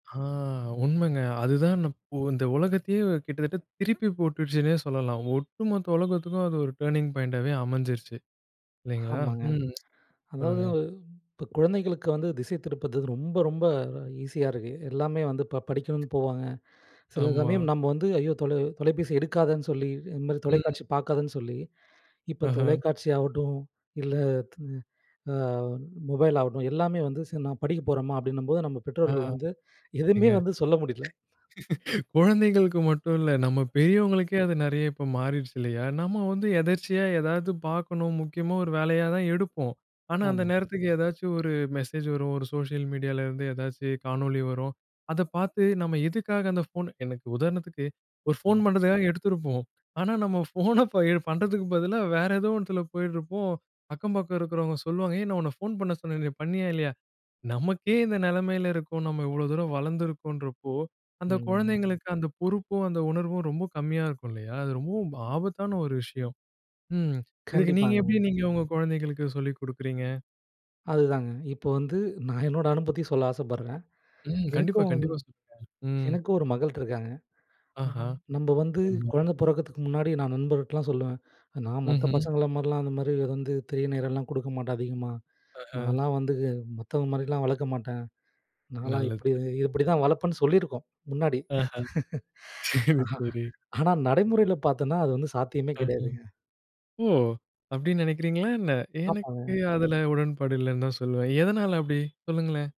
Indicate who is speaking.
Speaker 1: ஆ! உண்மைங்க. அதுதான் இப் இந்த உலகத்தையே கிட்டத்தட்ட திருப்பி போட்டுடுச்சுன்னே சொல்லலாம். ஒட்டுமொத்த உலகத்துக்கும் அது ஒரு டர்னிங் பாயிண்ட்டாவே அமைஞ்சிருச்சு, இல்லைங்களா?
Speaker 2: ஆமாங்க.
Speaker 1: ம்.
Speaker 2: அதாவது
Speaker 1: சொல்லுங்க.
Speaker 2: இப்ப குழந்தைகளுக்கு வந்து திசைதிருப்புறது ரொம்ப, ரொம்ப ஈஸியா இருக்கு. எல்லாமே வந்து ப படிக்கணும்னு போவாங்க. சில
Speaker 1: ஆமா.
Speaker 2: சமயம் நம்ப வந்து, ஐயோ! தொலை தொலைப்பேசி எடுக்காதன்னு சொல்லி, இந்த மாதிரி
Speaker 1: ம்.
Speaker 2: தொலைக்காட்சி பார்க்காதன்னு சொல்லி இப்ப
Speaker 1: அஹ.
Speaker 2: தொலைக்காட்சி ஆகட்டும், இல்லை த அ மொபைல் ஆகட்டும், எல்லாமே வந்து, "சரி நான் படிக்க போறேம்மா" அப்படின்னும்போது நம்ப
Speaker 1: ஆ!
Speaker 2: பெற்றோர்கள் வந்து எதுவுமே
Speaker 1: ஏங்க
Speaker 2: வந்து சொல்ல முடியல.
Speaker 1: குழந்தைங்களுக்கு மட்டும் இல்ல. நம்ம பெரியவங்களுக்கே அது நெறைய இப்ப மாறிருச்சு இல்லையா? நம்ம வந்து எதர்ச்சியா ஏதாவது பார்க்கணும், முக்கியமா ஒரு வேலையா தான் எடுப்போம். ஆனா அந்த
Speaker 2: ஆமாங்க.
Speaker 1: நேரத்துக்கு ஏதாச்சும் ஒரு மெசேஜ் வரும். ஒரு சோஷியல் மீடியாலேருந்து ஏதாச்சும் காணொளி வரும். அத பார்த்து நம்ம எதுக்காக அந்த ஃபோன் எனக்கு உதாரணத்துக்கு ஒரு ஃபோன்
Speaker 2: ம்.
Speaker 1: பண்ணுறதுக்காக எடுத்துருப்போம். ஆனா நம்ம ஃபோன எ பண்ணுறதுக்கு பதிலா, வேற ஏதோ ஒண்ணத்துல போயிட்டுருப்போம். அக்கம் பக்கம் இருக்கிறவங்க சொல்லுவாங்க "ஏய்! நான் உன்னை ஃபோன் பண்ண சொன்னனே. பண்ணியா? இல்லையா?" நமக்கே இந்த நெலைமையில இருக்கோம். நம்ம இவ்வளோ தூரம் வளர்ந்துருக்கோம்ன்றப்போ, அந்த
Speaker 2: ம், ம்.
Speaker 1: குழந்தைங்களுக்கு அந்த பொறுப்பும், அந்த உணர்வும் ரொம்ப கம்மியா இருக்கும் இல்லையா? அது ரொம்பவும் ஆபத்தான ஒரு விஷயம். ம். இதுக்கு நீங்க எப்படி
Speaker 2: கண்டிப்பாங்க.
Speaker 1: நீங்க உங்க குழந்தைகளுக்கு சொல்லிக் குடுக்குறீங்க?
Speaker 2: அதுதாங்க. இப்ப வந்து நான் என்னோட அனுபவத்தை சொல்ல ஆசைப்படுறேன்.
Speaker 1: ம். கண்டிப்பா,
Speaker 2: எனக்கும்
Speaker 1: கண்டிப்பா சொல்லுங்க. ம்.
Speaker 2: எனக்கும் 1 மகள் இருக்காங்க.
Speaker 1: ஆஹா!
Speaker 2: நம் நம்ப வந்து
Speaker 1: [unintelligible]
Speaker 2: குழந்தை பொறக்கத்துக்கு முன்னாடி நான் நண்பர்ட்டலாம் சொல்லுவேன், நான் மத்த
Speaker 1: ம்ஹ்ம்.
Speaker 2: பசங்கள மாதிரிலாம் அந்த மாதிரி வந்து திரை நேரம்லாம் குடுக்க மாட்டேன் அதிகமா.
Speaker 1: அஹ.
Speaker 2: நான்லாம் வந்து மத்தவங்க மாதிரிலாம் வளர்க்க மாட்டேன். நான்லாம்
Speaker 1: நல்லது.
Speaker 2: இப்படி இப்படி தான் வளர்ப்பேன்னு சொல்லியிருக்கோம், முன்னாடி.
Speaker 1: ஆஹ. சரி, சரி.
Speaker 2: ஆனா நடைமுறையில பார்த்தோம்ன்னா அது வந்து சாத்தியமே
Speaker 1: ஆஹ,
Speaker 2: கெடையாதுங்க.
Speaker 1: ஓ! அப்படீன்னு நெனைக்கிறீங்களா என்ன?
Speaker 2: ஆமாங்க.
Speaker 1: எனக்கு அதில உடன்பாடு இல்லைன்னு தான் சொல்லுவேன். எதனால அப்படி? சொல்லுங்களேன்.